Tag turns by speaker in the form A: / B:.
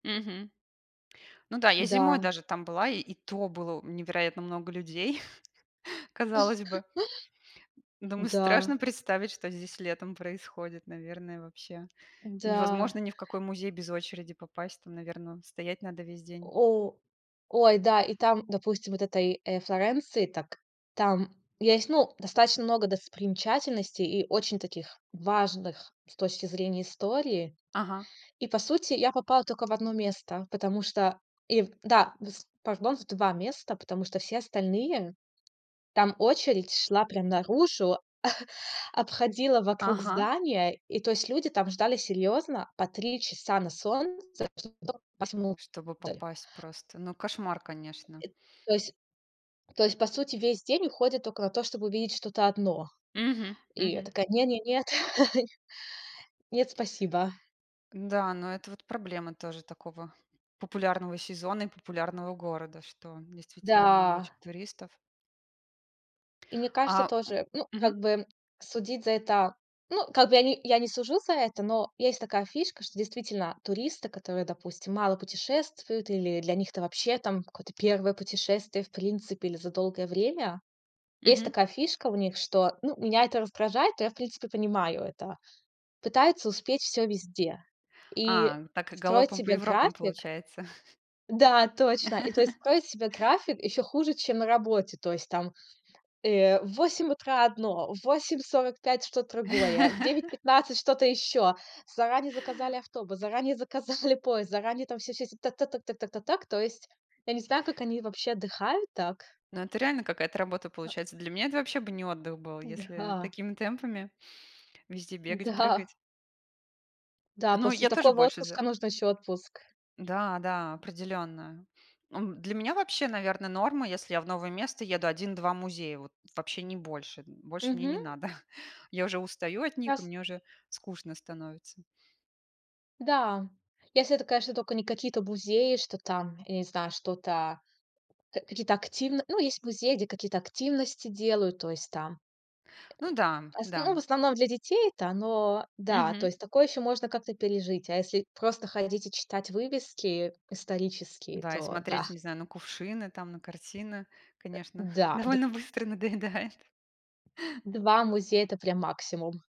A: Мгм. Ну да, я зимой
B: Да.
A: даже там была, и и то было у невероятно много людей. Казалось бы. Думаю,
B: Да.
A: страшно представить, что здесь летом происходит, наверное, вообще.
B: Да.
A: Невозможно ни в какой музей без очереди попасть. Там, наверно, стоять надо весь день.
B: О. Ой, да, и там, допустим, вот этой, э, Флоренции, так там есть, ну, достаточно много достопримечательностей и очень таких, важных с точки зрения истории.
A: Ага.
B: И по сути, я попала только в 1 место, потому что ив да, вс пардон, в 2 места. Потому что все остальные там очередь шла прям наружу, обходила вокруг
A: Ага.
B: здания. И то есть люди там ждали серьёзно по 3 часа на солнце, чтоб тока попасть
A: Чтобы
B: внутрь.
A: попасть просто. Ну, кошмар, конечно.
B: Эт то есть то есть по сути весь день уходит только на то, чтобы увидеть что-то одно.
A: Мгм.
B: И я
A: Мгм.
B: такая: не не нет. Нет, спасибо.
A: Да, но это вот проблема тоже такого популярного сезона и популярного города, что, действительно, много
B: Да.
A: очень туристов.
B: И мне кажется
A: А, м
B: тоже ну, как
A: мгм.
B: бы судить за это. Ну, как бы я не я не сужу за это, но есть такая фишка, что, действительно, туристы, которые, допустим, мало путешествуют, или для них это вообще там какое-то 1 путешествие в принципе или за долгое время. Есть
A: Мгм.
B: такая фишка у них, что ну, меня это раздражает, но я в принципе понимаю это. Пытаются успеть всё везде. И
A: А. Так и
B: строить
A: галопом по
B: себе
A: Европам,
B: график
A: получается.
B: да, точно. И то есть строить себе график ещё хуже, чем на работе. То есть там, э, в 8 утра одно, в 8:45 что-то другое, в девять пятнадцать что-то ещё. Заранее заказали автобус, заранее заказали поезд, заранее там всё, всё, всё. Так, так, так, так, так, так, так. То есть. Я не знаю, как они вообще отдыхают так.
A: Ну, это реально какая-то работа
B: Э.
A: получается. Для меня это вообще бы не отдых был, если
B: Да.
A: такими темпами везде бегать,
B: Да.
A: прыгать.
B: Да.
A: Ну,
B: После
A: я тоже
B: такого
A: больше за.
B: отпуска нужно ещё отпуск.
A: Да, да, определённо. Эм, для меня вообще, наверно, норма, если я в новое место еду, 1-2 музея вот, вообще не больше. Больше мне
B: Мгм.
A: не надо. Я уже устаю от них, и
B: Раз.
A: мне уже скучно становится.
B: Да. Если это, конечно, только не какие-то музеи, что там, я не знаю, что-то ка какие-то активно ну, есть музеи, где какие-то активности делают. То есть там
A: Ну да.
B: асн ну, в
A: Да.
B: основном для детей-то оно да, то
A: Мгм.
B: есть такое ещё можно как-то пережить. А если просто ходить и читать вывески исторические,
A: Да, и
B: то да.
A: смотреть, не знаю, на кувшины там, на картины,
B: Э,
A: конечно,
B: да. Д.
A: довольно быстро надоедает.
B: 2 музея- это прям максимум.